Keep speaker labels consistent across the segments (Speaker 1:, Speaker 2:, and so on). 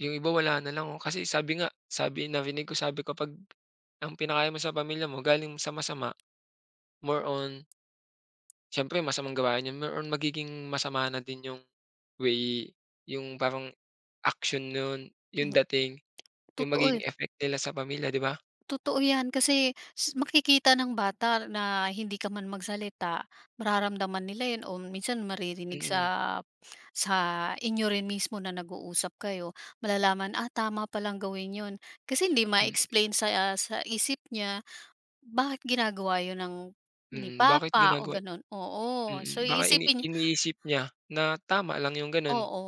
Speaker 1: Yung iba wala na lang oh. Kasi sabi nga, sabi narinig ko sabi, kapag ang pinakain mo sa pamilya mo galing sa masama, more on Siyempre, masamang gawain yun, more on magiging masama na din yung way yung parang action nun, yung
Speaker 2: Mm.
Speaker 1: dating, yung
Speaker 2: totoo y
Speaker 1: magiging effect nila sa pamilya, di ba?
Speaker 2: Totoo 'yan kasi s makikita ng bata na hindi ka man magsalita, mararamdaman nila yun o minsan maririnig sa
Speaker 1: Mm.
Speaker 2: sa inyo rin mismo na nag-uusap kayo, malalaman, "Ah, tama pa lang gawin yun." Kasi hindi
Speaker 1: M
Speaker 2: ma-explain sa sa isip niya bakit ginagawa yun ng ni
Speaker 1: Mm. Bakit
Speaker 2: papa o
Speaker 1: ginagawa
Speaker 2: gano'n. Oo. So,
Speaker 1: mm. Baka ini
Speaker 2: iisipin niy
Speaker 1: iniisip niya na tama lang yung ganun.
Speaker 2: Oo,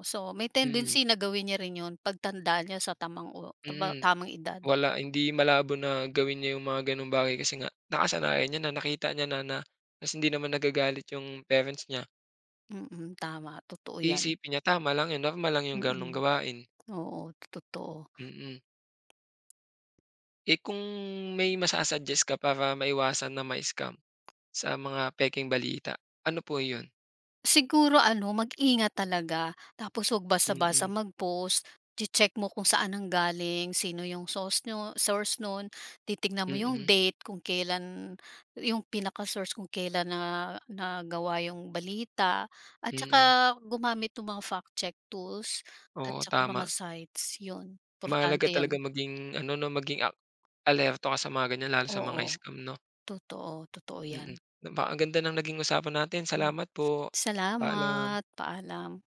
Speaker 2: oo. So, may
Speaker 1: Mm.
Speaker 2: tendency na gawin niya rin yun pagtanda niya sa tamang o
Speaker 1: Mm.
Speaker 2: tamang edad.
Speaker 1: Wala, hindi malabo na gawin niya yung mga gano'ng bagay kasi nga nakasanayan niya, nakita niya na ta's hindi naman nagagalit yung parents niya.
Speaker 2: Mm, tama. Totoo 'yan.
Speaker 1: Iisipin niya tama lang yun, normal lang yung gano'ng
Speaker 2: Mm.
Speaker 1: gawain.
Speaker 2: Oo, totoo.
Speaker 1: Mm. Eh, kung may masa-suggest ka para maiwasan na ma-scam sa mga pekeng balita, ano po yun?
Speaker 2: Siguro ano, mag-ingat talaga tapos huwag basta-basta
Speaker 1: Mm.
Speaker 2: mag-post, che-check mo kung saan nanggaling, sino 'yong sauce niyo source no'n, titignan mo 'yong
Speaker 1: Mm.
Speaker 2: date kung kailan 'yong pinaka-source kung kailan na nagawa 'yong balita at tsaka
Speaker 1: Mm.
Speaker 2: gumamit nung mga fact check tools at
Speaker 1: Oo,
Speaker 2: tsaka mga
Speaker 1: tama.
Speaker 2: sites, 'yon
Speaker 1: Mahalaga
Speaker 2: importante
Speaker 1: talaga
Speaker 2: 'yon.
Speaker 1: maging ano 'no, maging a alerto ka sa mga ganyan lalo sa mga
Speaker 2: Oo.
Speaker 1: scam 'no.
Speaker 2: Totoo. Totoo
Speaker 1: Mm.
Speaker 2: 'yan.
Speaker 1: Napakaganda ng naging usapan natin,
Speaker 2: Mm.
Speaker 1: salamat po. Paalam.
Speaker 2: Salamat. Paalam.